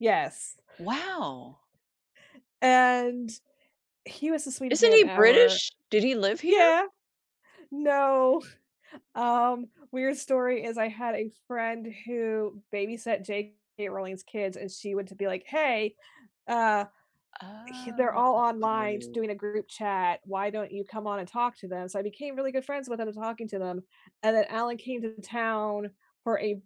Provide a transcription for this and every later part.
Yes Wow. and he was the sweetest Isn't man he ever. British? Did he live here? Yeah, no, um, weird story is, I had a friend who babysat J.K. Rowling's kids, and she went to be, like, "Hey, uh, he they're all online Oh. doing a group chat, why don't you come on and talk to them?" So I became really good friends with them, talking to them, and then Alan came to town for a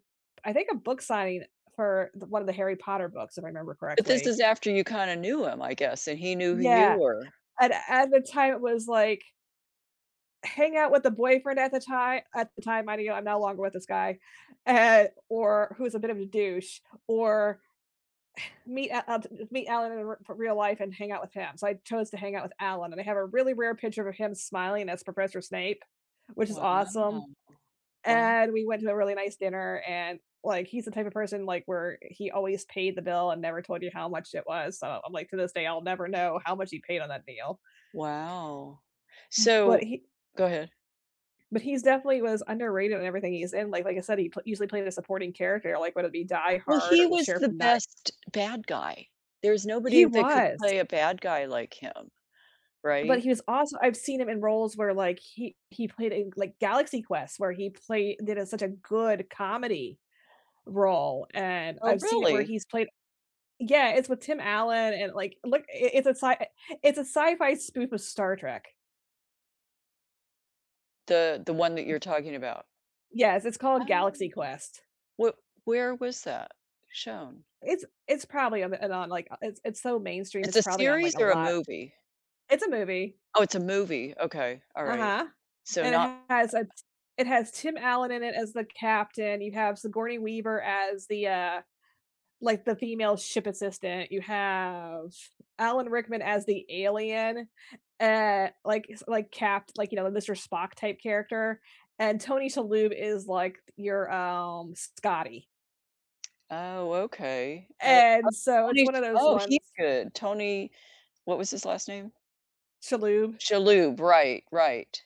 I think a book signing for the 1 of the Harry Potter books, if I remember But this correctly. is after you kinda knew him, I guess, and he knew who you Yeah, were. and at the time, it was like hang out with the boyfriend at the ti at the time, minding you, I'm no longer with this guy, and or who's a bit of a douche, or meet Al Al d uh, meet Alan in re for real life and hang out with him, so I chose to hang out with Alan, and I have a really rare picture of him smiling as Professor Snape, which is Wow, awesome, wo and we went to a really nice dinner and, like, he's the type of person, like, where he always paid the bill and never told you how much it was, so I'm like, to this day, I'll never know how much he paid on that meal. Wow, Mm But so he go ahead. but he's definitely was underrated in everything he's in, like like, I said, he pl usually played a supporting character, like, whether it be Die Well, Hard he or The was Sheriff the of Not best bad guy, there's He nobody that could was. play a bad guy like him, But right? he was also I've seen him in roles where, like, he he played in, like, Galaxy Quest, where he played did a such a good comedy role, and Oh, I've seen it where really? he's played Yeah, it's with Tim Allen and, like, look, i it's a si it's a sci-fi spoof of Star Trek. The the 1 that you're talking about? Yes, it's I called don't Galaxy know. Quest. What where was that shown? It's it's probably on the on the, like it's it's so mainstream, It's it's a probably on, series like, a or a lot movie? It's a movie. Oh, it's a movie, okay, all right. Uh-huh. So, And it not has a it has Tim Allen in it as the captain, you have Sigourney Weaver as the, uh, like, the female ship assistant, you have Alan Rickman as the alien, uh, like, s like, capt like, you know, the Mr. Spock type character, and Tony Shalhoub is, like, your, um, Scotty. Oh, okay. Oh, And [unintelligible] so, it's Tony's 1 of those Oh, he's ones good, Tony what was his last name? Shalhoub. Shalhoub, right, right.